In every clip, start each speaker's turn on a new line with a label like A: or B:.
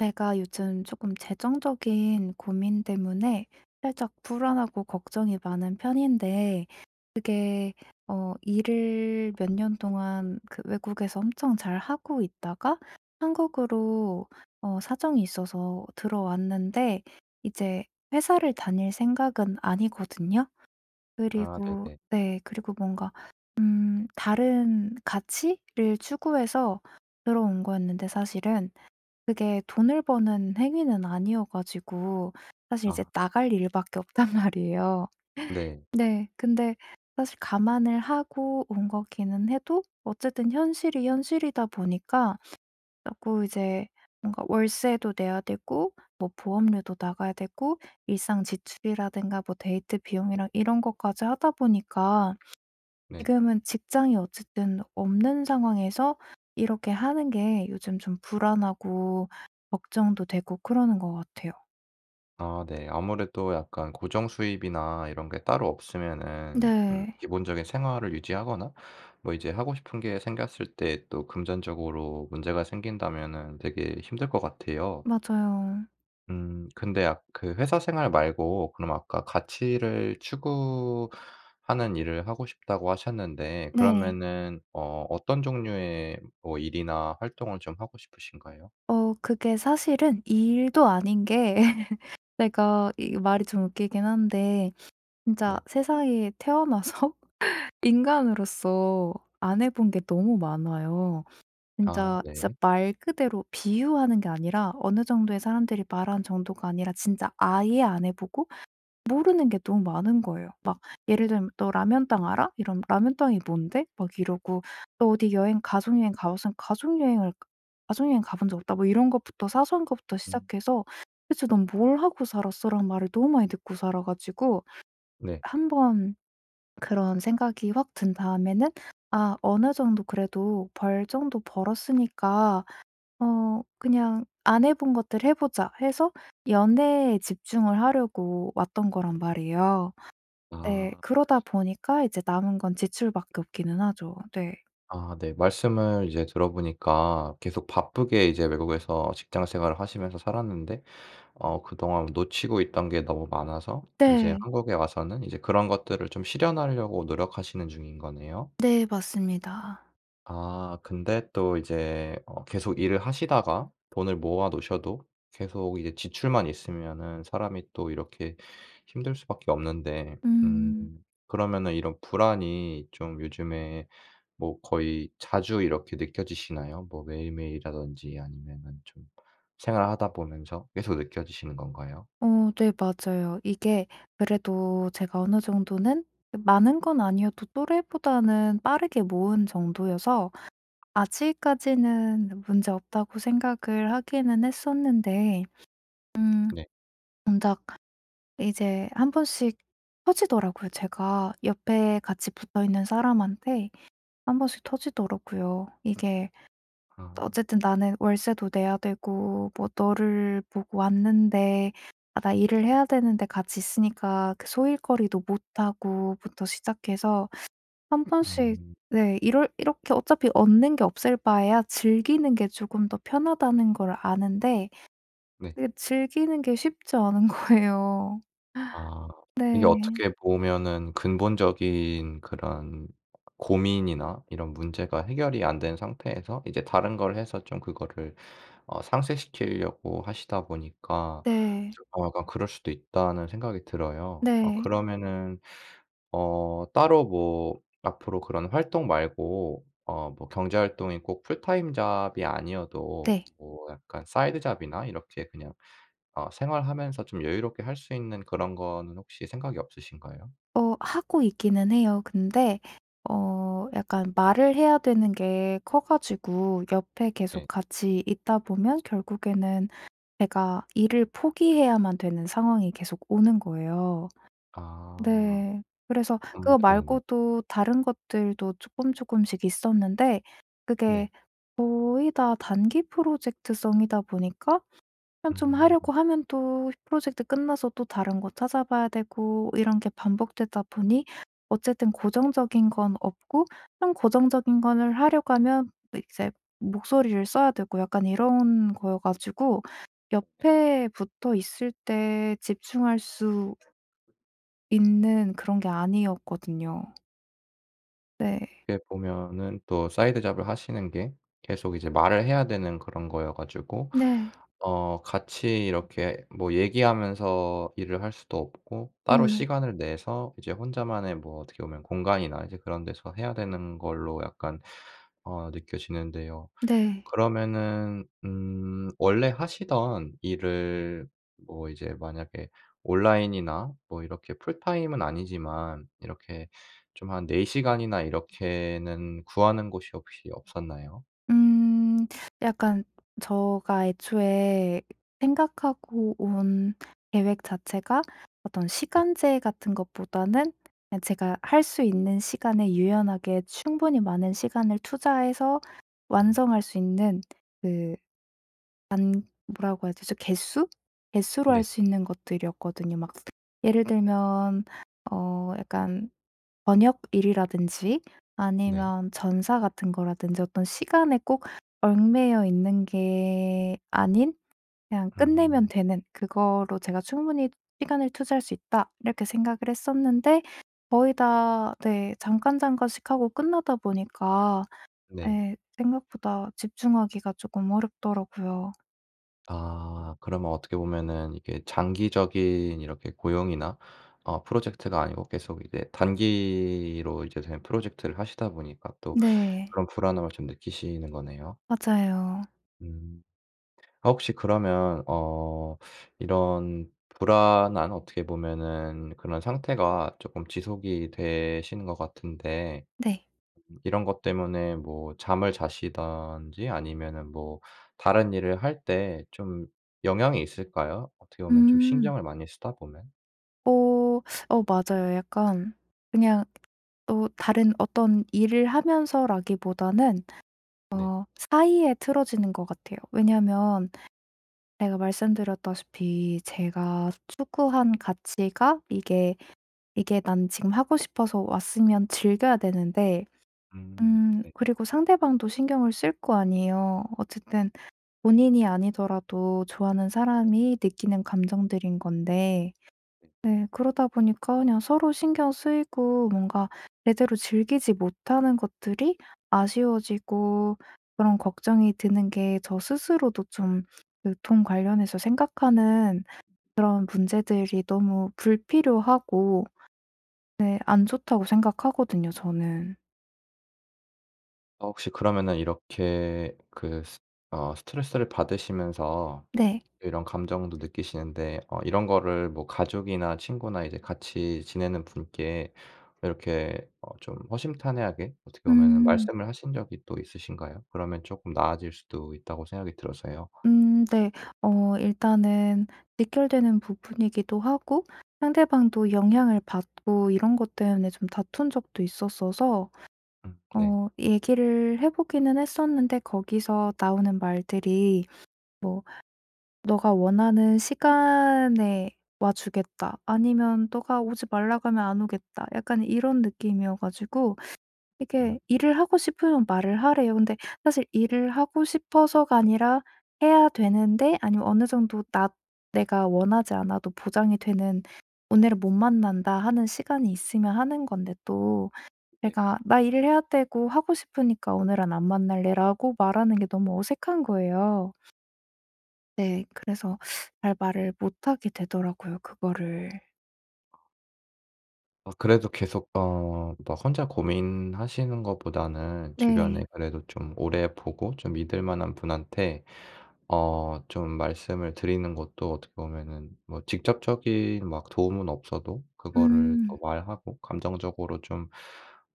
A: 제가 요즘 조금 재정적인 고민 때문에 살짝 불안하고 걱정이 많은 편인데 그게 어 일을 몇 년 동안 그 외국에서 엄청 잘 하고 있다가 한국으로 어 사정이 있어서 들어왔는데 이제 회사를 다닐 생각은 아니거든요.
B: 아
A: 그리고
B: 네네.
A: 네 그리고 뭔가 음 다른 가치를 추구해서 들어온 거였는데 사실은 그게 돈을 버는 행위는 아니어 가지고 사실 이제
B: 아.
A: 나갈 일 밖에 없단 말이에요.
B: 네.
A: 네. 근데 사실 감안을 하고 온 거기는 해도 어쨌든 현실이 현실이다 보니까 자꾸 이제 뭔가 월세도 내야 되고 뭐 보험료도 나가야 되고 일상 지출이라든가 뭐 데이트 비용이랑 이런 것까지 하다 보니까
B: 네.
A: 지금은 직장이 어쨌든 없는 상황에서 이렇게 하는 게 요즘 좀 불안하고 걱정도 되고 그러는것 같아요.
B: 아 네. 아무래도 약간 고정수입이나 이런 게 따로 없으면은 음
A: 네.
B: 기본적인 생활을 유지하거나 뭐 이제 하고 싶은 게 생겼을 때 또 금전적으로 문제가 생긴다면은 되게 힘들 것 같아요.
A: 맞아요.
B: 음. 근데 아 그 회사 생활 말고 그럼 아까 가치를 추구하는 일을 하고 싶다고 하셨는데
A: 네.
B: 그러면은 어 어떤 종류의 뭐 일이나 활동을 좀 하고 싶으신가요?
A: 어. 그게 사실은 일도 아닌게 제가 이 말이 좀 웃기긴 한데 진짜
B: 네.
A: 세상에 태어나서 인간으로서 안 해본 게 너무 많아요.
B: 아.
A: 진짜, 진짜
B: 네.
A: 말 그대로 비유하는 게 아니라 어느 정도의 사람들이 말한 정도가 아니라 진짜 아예 안 해보고 모르는 게 너무 많은 거예요. 막 예를 들면 "너 라면땅 알아?" 이러면 "라면땅이 뭔데?" 막 이러고 "너 어디 여행 가족 여행 가봤어?" "가족 여행을 가족 여행 가본 적 없다." 뭐 이런 것부터 사소한 것부터
B: 음.
A: 시작해서 "대체 넌 뭘 하고 살았어?" 라는 말을 너무 많이 듣고 살아 가지고
B: 네.
A: 1 번 그런 생각이 확 든 다음에는 '아 어느 정도 그래도 벌 정도 벌었으니까 어 그냥 안 해본 것들 해보자.' 해서 연애에 집중을 하려고 왔던 거란 말이에요. 네.
B: 아.
A: 그러다 보니까 이제 남은 건 지출 밖에 없기는 하죠. 네.
B: 아. 네. 말씀을 이제 들어보니까 계속 바쁘게 이제 외국에서 직장 생활을 하시면서 살았는데 어 그동안 놓치고 있던 게 너무 많아서 이제
A: 네.
B: 한국에 와서는 이제 그런 것들을 좀 실현하려고 노력하시는 중인 거네요.
A: 네. 맞습니다.
B: 아 근데 또 이제 어 계속 일을 하시다가 돈을 모아 놓으셔도 계속 이제 지출만 있으면은 사람이 또 이렇게 힘들 수밖에 없는데 음
A: 음.
B: 그러면은 이런 불안이 좀 요즘에 뭐 거의 자주 이렇게 느껴지시나요? 뭐 매일매일이라든지 아니면은 좀 생활하다 보면서 계속 느껴지시는 건가요?
A: 어. 네 맞아요. 이게 그래도 제가 어느 정도는 많은 건 아니어도 또래보다는 빠르게 모은 정도여서 '아직까지는 문제없다.'고 생각을 하기는 했었는데
B: 음.
A: 음
B: 네.
A: 정작 이제 1 번씩 터지더라고요. 제가 옆에 같이 붙어있는 사람한테 1 번씩 터지더라고요. 이게
B: 아.
A: 어쨌든 "나는 월세도 내야 되고 뭐 너를 보고 왔는데. 아 나 일을 해야 되는데 같이 있으니까 그 소일거리도 못 하고." 부터 시작해서 1 번씩
B: 음.
A: 네 이럴 이렇게 어차피 얻는 게 없을 바에야 즐기는 게 조금 더 편하다는 걸 아는데
B: 네.
A: 이게 즐기는 게 쉽지 않은 거예요.
B: 아. 이게
A: 네.
B: 어떻게 보면은 근본적인 그런 고민이나 이런 문제가 해결이 안 된 상태에서 이제 다른 걸 해서 좀 그거를 어 상쇄시키려고 하시다 보니까
A: 네.
B: 좀 어 약간 그럴 수도 있다는 생각이 들어요. 어
A: 네.
B: 그러면은 어 따로 뭐 앞으로 그런 활동 말고 어 뭐 경제 활동이 꼭 풀타임 잡이 아니어도
A: 네.
B: 뭐 약간 사이드 잡이나 이렇게 그냥 어 생활하면서 좀 여유롭게 할 수 있는 그런 거는 혹시 생각이 없으신가요?
A: 어. 하고 있기는 해요. 근데 어 약간 말을 해야 되는 게 커 가지고 옆에 계속
B: 네.
A: 같이 있다 보면 결국에는 제가 일을 포기해야만 되는 상황이 계속 오는 거예요.
B: 아.
A: 네. 그래서 그거
B: [unintelligible]
A: 말고도 다른 것들도 쪼끔쪼끔씩 있었는데
B: 네.
A: 그게 거의 다 단기 프로젝트성이다 보니까 그냥 좀
B: 음.
A: 하려고 하면 또 프로젝트 끝나서 또 다른 거 찾아봐야 되고 이런 게 반복되다 보니 어쨌든 고정적인 건 없고 그냥 고정적인 거를 하려고 하면 이제 목소리를 써야 되고 약간 이런 거여 가지고
B: 네.
A: 옆에 붙어 있을 때 집중할 수 있는 그런 게 아니었거든요. 네.
B: 그게 보면은 또 사이드잡을 하시는 게 계속 이제 말을 해야 되는 그런 거여 가지고
A: 네.
B: 어 같이 이렇게 뭐 얘기하면서 일을 할 수도 없고 따로
A: 예.
B: 시간을 내서 이제 혼자만의 뭐 어떻게 보면 공간이나 이제 그런 데서 해야 되는 걸로 약간 어 느껴지는데요.
A: 네.
B: 그러면은 음 원래 하시던 일을 뭐 이제 만약에 온라인이나 뭐 이렇게 풀타임은 아니지만 이렇게 좀 한 4 시간이나 이렇게는 구하는 곳이 혹시 없었나요?
A: 음. 약간 저가 애초에 생각하고 온 계획 자체가 어떤
B: 네.
A: 시간제 같은 것보다는 제가 할 수 있는 시간에 유연하게 충분히 많은 시간을 투자해서
B: 음.
A: 완성할 수 있는 그 단 뭐라고 하죠? 저 개수? 개수로 할
B: 네.
A: 수 있는 것들이었거든요. 막 예를 들면 어 약간 번역일이라든지
B: 네.
A: 아니면 전사 같은 거라든지 어떤 시간에 꼭 얽매여 있는 게 아닌 그냥 끝내면
B: 음.
A: 되는 그거로 '제가 충분히 시간을 투자할 수 있다.' 이렇게 생각을 했었는데 거의 다 네 잠깐, 잠깐씩 하고 끝나다 보니까
B: 네.
A: 예 생각보다 집중하기가 쪼끔 어렵더라요.
B: 아 그러면 어떻게 보면은 이게 장기적인 이렇게 고용이나 어 프로젝트가 아니고 계속 이제 단기로 이제 된 프로젝트를 하시다 보니까 또
A: 네.
B: 그런 불안함을 좀 느끼시는 거네요.
A: 맞아요.
B: 음. 어 혹시 그러면 어 이런 불안한 어떻게 보면은 그런 상태가 쪼끔 지속이 되시는 것 같은데
A: 네.
B: 이런 것 때문에 뭐 잠을 자시든지 아니면은 뭐 다른 일을 할 때 좀 영향이 있을까요? 어떻게 보면 좀
A: 음.
B: 신경을 많이 쓰다 보면?
A: 어 어 맞아요. 약간 그냥 어 다른 어떤 일을 하면서라기보다는
B: 네.
A: 어 사이에 틀어지는 것 같아요. 왜냐하면 제가 말씀 드렸다시피 제가 추구한 가치가 이게 이게 난 지금 하고 싶어서 왔으면 즐겨야 되는데
B: 음
A: 음
B: 네.
A: 그리고 상대방도 신경을 쓸 거 아니에요. 어쨌든 본인이 아니더라도 좋아하는 사람이 느끼는 감정들인 건데. 네 그러다 보니까 그냥 서로 신경 쓰이고 뭔가 제대로 즐기지 못하는 것들이 아쉬워지고 그런 걱정이 드는 게 저 스스로도 좀 유통 관련해서 생각하는 그런 문제들이 너무 불필요하고 네 안 좋다고 생각하거든요 저는.
B: 어 혹시 그러면은 이렇게 그 스 어 스트레스를 받으시면서
A: 네.
B: 이런 감정도 느끼시는데 어 이런 거를 뭐 가족이나 친구나 이제 같이 지내는 분께 이렇게 어 좀 허심탄회하게 어떻게 보면은
A: 음.
B: 말씀을 하신 적이 또 있으신가요? 그러면 쪼끔 나아질 수도 있다고 생각이 들어서요.
A: 음, 네. 어 일단은 직결되는 부분이기도 하고 상대방도 영향을 받고 이런 것 때문에 좀 다툰 적도 있었어서
B: 음. 네.
A: 어 얘기를 해 보기는 했었는데 거기서 나오는 말들이 뭐 "너가 원하는 시간에 와주겠다." 아니면 "너가 오지 말라고 하면 안 오겠다." 약간 이런 느낌이어 가지고 이게 일을 하고 싶으면 말을 하래요. 근데 사실 일을 하고 싶어서가 아니라 해야 되는데 아니면 어느 정도 나 내가 원하지 않아도 보장이 되는 '오늘은 못 만난다.' 하는 시간이 있으면 하는 건데 또
B: 네.
A: 내가 "나 일을 해야 되고 하고 싶으니까 오늘은 안 만날래."라고 말하는 게 너무 어색한 거예요. 네. 그래서 잘 말을 못하게 되더라고요 그거를.
B: 어. 그래도 계속 어 뭐 혼자 고민하시는 것보다는
A: 네.
B: 주변에 그래도 좀 오래 보고 좀 믿을 만한 분한테 어 좀 말씀을 드리는 것도 어떻게 보면은 뭐 직접적인 막 도움은 없어도 그거를 또
A: 음.
B: 말하고 감정적으로 좀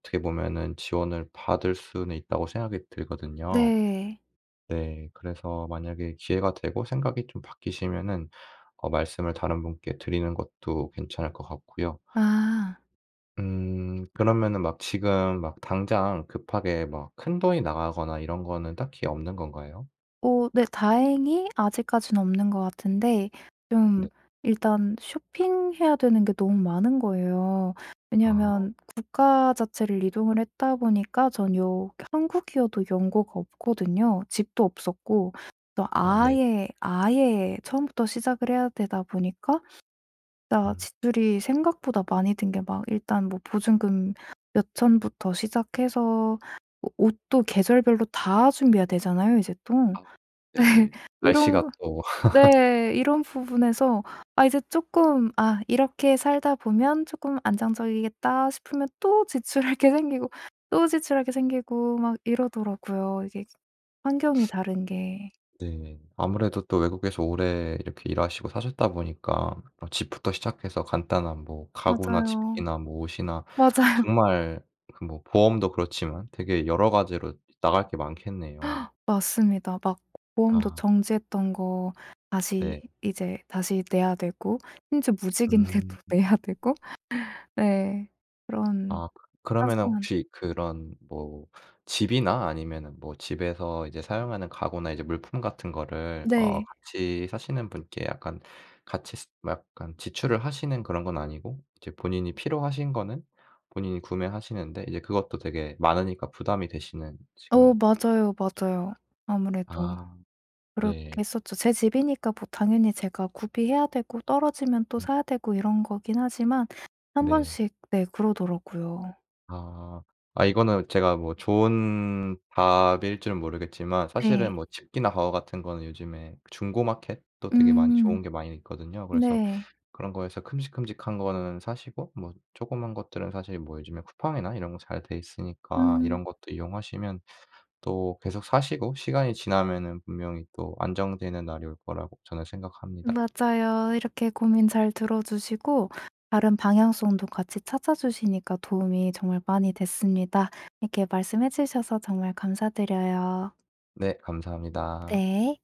B: 어떻게 보면은 지원을 받을 수는 있다고 생각이 들거든요.
A: 네.
B: 네. 그래서 만약에 기회가 되고 생각이 좀 바뀌시면은 어 말씀을 다른 분께 드리는 것도 괜찮을 것 같고요.
A: 아.
B: 음. 그러면은 막 지금 막 당장 급하게 막 큰 돈이 나가거나 이런 거는 딱히 없는 건가요?
A: 어. 네 다행히 아직까지는 없는 것 같은데
B: 네.
A: 좀 일단 쇼핑해야 되는 게 너무 많은 거예요.
B: 아.
A: 왜냐하면 국가 자체를 이동을 했다 보니까 전 요 한국이어도 연고가 없거든요. 집도 없었고
B: 아 네네.
A: 아예, 아예 처음부터 시작을 해야 되다 보니까 나
B: 음.
A: 지출이 생각보다 많이 든 게 막 일단 뭐 보증금 몇 천부터 시작해서 오 옷도 계절별로 다 준비해야 되잖아요 이제 또.
B: 아.
A: 네.
B: 네.
A: 이런
B: 날씨가
A: 거
B: 또.
A: 네. 이런 부분에서 아 이제 쪼끔 '아 이렇게 살다 보면 쪼끔 안정적이겠다.' 싶으면 또 지출할 게 생기고 또 지출할 게 생기고 막 이러더라고요. 이게 환경이 다른 게.
B: 네. 아무래도 또 외국에서 오래 이렇게 일하시고 사셨다 보니까 어 집부터 시작해서 간단한 뭐 가구나
A: 맞아요.
B: 집기나 뭐 옷이나
A: 맞아요.
B: 정말 그 뭐 보험도 그렇지만 되게 여러 가지로 나갈 게 많겠네요.
A: 맞습니다. 막 보험도
B: 아.
A: 정지했던 거 다시
B: 네.
A: 이제 다시 내야 되고 심지어 무직인데도
B: 음.
A: 내야 되고. 네. 그런
B: 아. 그러면은
A: 사소한
B: 혹시 그런 뭐 집이나 아니면은 뭐 집에서 이제 사용하는 가구나 이제 물품 같은 거를 어
A: 네.
B: 같이 사시는 분께 약간 같이 쓰 막 약간 지출을 하시는 그런 건 아니고 이제 본인이 필요하신 거는 본인이 구매하시는데 이제 그것도 되게 많으니까 부담이 되시는 지금
A: 어.
B: [unintelligible]
A: 맞아요, 맞아요. 아무래도
B: 아.
A: 그렇게
B: 네.
A: 했었죠. 제 집이니까 뭐 당연히 제가 구비해야 되고 떨어지면 또
B: 음.
A: 사야 되고 이런 거긴 하지만 1
B: 네.
A: 번씩 네 그러더라고요.
B: 아. 아 이거는 제가 뭐 좋은 답일 줄은 모르겠지만
A: 네.
B: 사실은 뭐 집기나 가구 같은 거는 요즘에 중고 마켓도 되게 많이
A: 음.
B: 좋은 게 많이 있거든요. 그래서
A: 네.
B: 그런 거에서 큼직큼직한 거는 사시고 뭐 조그만 것들은 사실 뭐 요즘에 쿠팡이나 이런 거 잘 돼 있으니까
A: 음.
B: 이런 것도 이용하시면 또 계속 사시고 시간이 지나면은 분명히 또 안정되는 날이 올 거라고 저는 생각합니다.
A: 맞아요. 이렇게 고민 잘 들어 주시고 다른 방향성도 같이 찾아 주시니까 도움이 정말 많이 됐습니다. 이렇게 말씀해 주셔서 정말 감사드려요.
B: 네. 감사합니다.
A: 네.